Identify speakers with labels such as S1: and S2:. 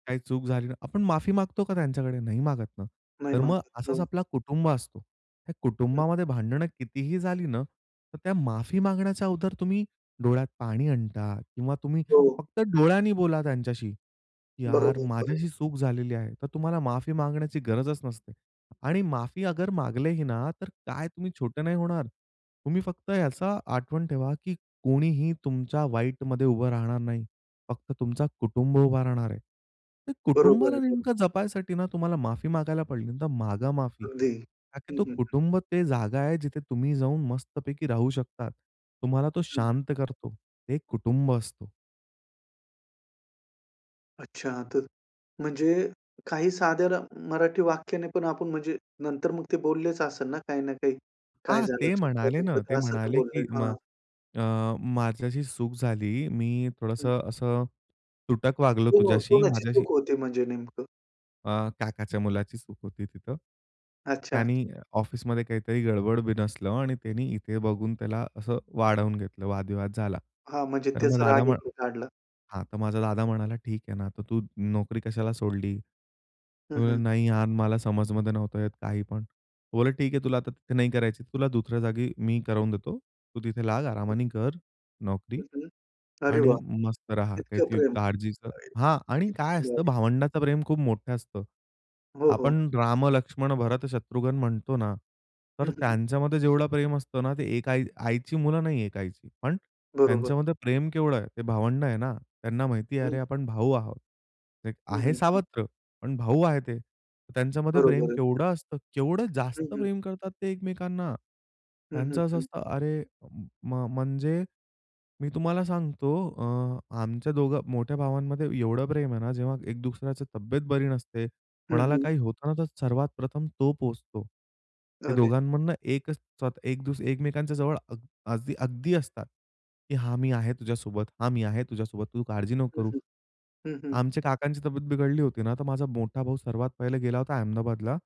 S1: काही चूक झाली ना, आपण माफी मागतो का त्यांच्याकडे नाही मागत ना.
S2: नाही
S1: तर मग
S2: मागत,
S1: असाच
S2: हो.
S1: आपला कुटुंब असतो. त्या
S2: हं.
S1: कुटुंबामध्ये भांडणं कितीही झाली ना, तर त्या माफी मागण्याच्या अगोदर तुम्ही डोळ्यात पाणी आणता किंवा तुम्ही
S2: हो.
S1: फक्त डोळ्यांनी बोला त्यांच्याशी, "यार,
S2: बरोबर,
S1: माझी
S2: बरोबर.
S1: अशी चूक झालेली आहे," तर तुम्हाला माफी मागण्याची गरजच नसते. आणि माफी अगर मागले ही ना, तर काय तुम्ही छोटे नाही होणार. तुम्ही फक्त ह्याचा आठवण ठेवा की कोणीही तुमच्या वाईटमध्ये उभं राहणार नाही. फक्त तुमचा कुटुंब उभा राहणार आहे. ते
S2: बरोबर
S1: कुटुंबाला
S2: आहे, बरोबर.
S1: नेमकं जपायसाठी ना, तुम्हाला माफी मागायला पडली, तर मागा माफी.
S2: अगदी.
S1: का की
S2: हं,
S1: तो
S2: हं, हं.
S1: कुटुंब ते जागा आहे जिथे तुम्ही जाऊन मस्तपैकी राहू शकतात. तुम्हाला तो
S2: हं, हं.
S1: शांत करतो. ते कुटुंब असतो.
S2: अच्छा, तर म्हणजे काही साध्या मराठी वाक्याने पण आपण म्हणजे नंतर मग ते बोललेच असेल ना, काही ना काही. काय
S1: हां.
S2: झालं
S1: ते म्हणाले
S2: चुकलं-बिकलं
S1: ना, ते
S2: तर असं तर
S1: म्हणाले
S2: बोलले,
S1: की म
S2: हां.
S1: अ, माझी अशी चूक झाली, मी
S2: हं.
S1: थोडंसं असं तुटक वागलो
S2: ओ
S1: तुझ्याशी.
S2: कोणाची
S1: माझ्याशी
S2: चूक होती म्हणजे नेमकं?
S1: अ, काकाच्या मुलाची चूक होती तिथं.
S2: अच्छा, अच्छा.
S1: त्यानी ऑफिसमध्ये काहीतरी गडबड, बीनसलं आणि त्यांनी इथे बघून त्याला असं वाढवून घेतलं, वादविवाद झाला.
S2: हां, म्हणजे
S1: तर मग
S2: त्याचा
S1: दादा
S2: राग
S1: म्ह
S2: इकडे काढला.
S1: हां. तर माझा दादा म्हणाला, "ठीक आहे ना, तर तू नोकरी कशाला सोडली?" तो
S2: हं,
S1: म्हणला,
S2: हं.
S1: "नाही यार, मला समजमध्ये नव्हतं येत काही पण." ते बोलले, "ठीक आहे, तुला आता तिथे नाही करायची तुला दुसऱ्या जागी मी करवून देतो, तू तिथे लाग, आरामाने कर नोकरी
S2: हं, हं. अरे
S1: आणि
S2: वाह!
S1: मस्त राहा,
S2: इतकं
S1: काही
S2: प्रेम.
S1: काळजीचं"
S2: [unintelligible]
S1: हां. आणि काय
S2: एकदम
S1: असतं
S2: भारी.
S1: भावंडाचं प्रेम खूप मोठं असतं.
S2: हो, हो.
S1: आपण राम, लक्ष्मण, भरत, शत्रुघ्न म्हणतो ना, तर
S2: हं, हं.
S1: त्यांच्यामध्ये जेवढं प्रेम असतं ना, ते एक आई आईची मुलं नाही एक आईची. पण
S2: बरोबर.
S1: त्यांच्यामध्ये प्रेम केवढं आहे. ते भावंड आहे ना, त्यांना माहिती आहे.
S2: हं.
S1: अरे, आपण भाऊ आहोत. एक
S2: हं,
S1: आहे
S2: हं, हं.
S1: सावत्र, पण भाऊ आहे ते. त्यांच्यामध्ये प्रेम
S2: बरोबर आहे.
S1: केवढं असतं. केवढं
S2: हं,
S1: जास्त
S2: हं.
S1: प्रेम करतात ते एकमेकांना.
S2: हं, हं,
S1: त्यांचं असं
S2: हं.
S1: असतं अरे म म्हणजे, मी तुम्हाला सांगतो अ, आमच्या दोघं मोठ्या भावांमध्ये एवढं प्रेम आहे ना, जेव्हा एक दुसऱ्याची तब्येत बरी नसते.
S2: हं,
S1: कोणाला
S2: हं.
S1: काही होतं ना, तर सर्वात प्रथम तो पोहचतो. ते
S2: अरे.
S1: दोघांमधनं एकच स्व एक दु एकमेकांच्या जवळ अग आजही अगदी असतात. की "हां, मी आहे तुझ्यासोबत हां मी आहे तुझ्यासोबत, तू काळजी नको
S2: हं,
S1: करू."
S2: हं. हं, हं.
S1: आमच्या काकांची तब्येत बिघडली होती ना, तर माझा मोठा भाऊ सर्वात पहिले गेला होता अहमदाबादला